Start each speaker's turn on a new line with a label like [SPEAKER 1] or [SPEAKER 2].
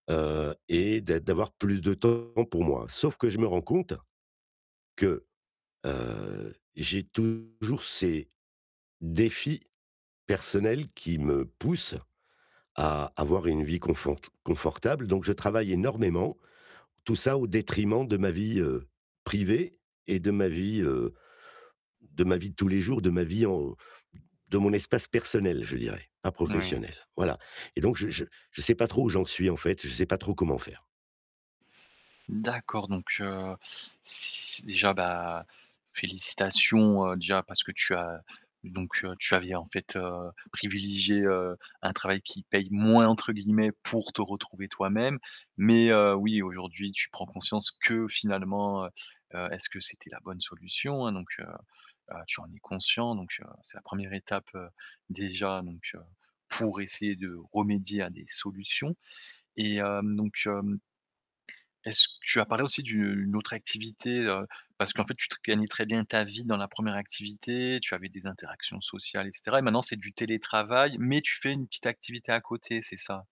[SPEAKER 1] Heu et d'a d'avoir plus de temps pour moi. Sauf que je me rends compte. Que, heu, j'ai toujours ces défis personnels qui me poussent à avoir une vie confort confortable. Donc je travaille énormément, tout ça au détriment de ma vie, heu, privée et de ma vie, heu, de ma vie de tous les jours, de ma vie en de mon espace personnel, je dirais, pas
[SPEAKER 2] Oui.
[SPEAKER 1] professionnelle, voilà et donc je je je sais pas trop où j'en suis en fait, je sais pas trop comment faire.
[SPEAKER 2] D'accord, donc heu, s déjà bah félicitations, heu, déjà parce que tu as donc heu, tu avais en fait, heu, privilégié heu, un travail qui paye «moins» entre guillemets pour te retrouver toi-même mais heu, oui aujourd'hui tu prends conscience que finalement heu heu, est-ce que c'était la bonne solution? Hein, donc heu heu, tu en es conscient, donc heu, c'est la 1re étape, heu, déjà, donc heu, pour essayer de remédier à des solutions et hem, donc heu, est-ce que tu as parlé aussi d'une autre activité, heu, parce qu'en fait tu gagnais très bien ta vie dans la 1re activité, tu avais des interactions sociales et cetera et maintenant c'est du télétravail mais tu fais une petite activité à côté, c'est ça?